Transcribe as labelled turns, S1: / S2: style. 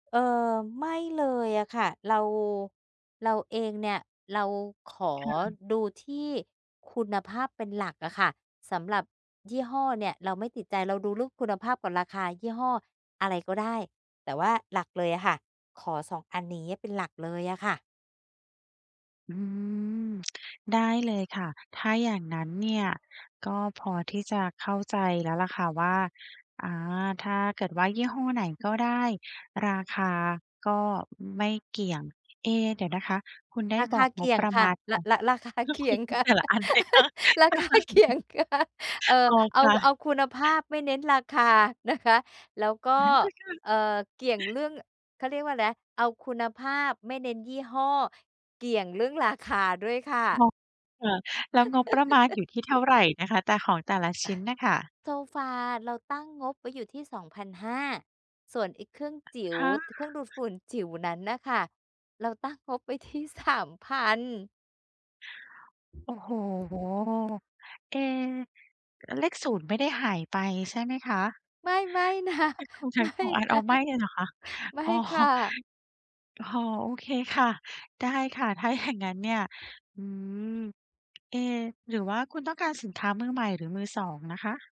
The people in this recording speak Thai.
S1: เออ ไม่เลยอะค่ะ เรา เราเองเนี่ย เราขอ
S2: ค่ะ
S1: ดูที่คุณภาพเป็นหลักอะค่ะ สำหรับยี่ห้อเนี่ยเราไม่ติดใจ เราดูลุกคุณภาพกับราคา ยี่ห้ออะไรก็ได้ แต่ว่าหลักเลยอะค่ะ ขอ 2 อันนี้เป็นหลักเลยอะค่ะ
S2: อืม ได้เลยค่ะ ถ้าอย่างนั้นเนี่ย ก็พอที่จะเข้าใจแล้วแหละค่ะว่า อา ถ้าเกิดว่ายี่ห้อไหนก็ได้ ราคาก็ไม่เกี่ยง เอ เดี๋ยวนะคะคุณได้
S1: รา
S2: บ
S1: ค
S2: อ
S1: า
S2: ก
S1: เก
S2: งบ
S1: ี่ย
S2: ป
S1: ง
S2: ระ
S1: ค
S2: ม
S1: ่ะ
S2: าณข
S1: ร่
S2: อ
S1: ะ
S2: ง
S1: ร่ะ
S2: ก
S1: ราคา
S2: ็
S1: เคี
S2: ค
S1: ่ย
S2: ือ
S1: งค่ะ
S2: แต่ละอัน [unintelligible] ใช่
S1: ราคาเกี่ยงค่ะ เอ่อ
S2: อ๋อ
S1: เอ
S2: ค
S1: า
S2: ่
S1: เ
S2: ะ
S1: อาคุณภาพไม่เน้นราคานะคะ แล้วก็
S2: เหมือนกันค่ะ
S1: เอ่อ เกี่ยงเรื่อง เขาเรียกว่าแนะ เอาคุณภาพไม่เน้นยี่ห้อ เกี่ยงเรื่องราคาด้วยค่ะ
S2: ง ค่ะ แล้วงบประมาณอยู่ที่เท่าไรนะคะ แต่ ของแต่ละชิ้นน่ะค่ะ?
S1: โซฟาเราตั้งงบไว้อยู่ที่ 2,500 ส่วนไอ้เครื่องจิ๋ว
S2: 5
S1: ต เครื่องดูดฝุ่นจิ๋วนั้นน่ะค่ะ เราตั้งงบไว้ที่ 3,000
S2: โอ้โฮ เอ๊ เลข 0 ไม่ได้หายไปใช่ไหมคะ?
S1: ไม่ ๆ นะ
S2: เอ๊ะ คุณใช
S1: ไ
S2: ้
S1: ม
S2: ข
S1: ่
S2: องอะ
S1: น
S2: เรา
S1: ะ
S2: ไม่เลยเหรอคะ?
S1: ไม่
S2: อ๋อ
S1: ค่ะ
S2: อ๋อ โอเคค่ะ ได้ค่ะ ถ้าอย่างงั้นเนี่ย อื้อฮือ เอ๊ หรือว่าคุณต้องการสินค้ามือใหม่หรือมือ 2 นะคะ?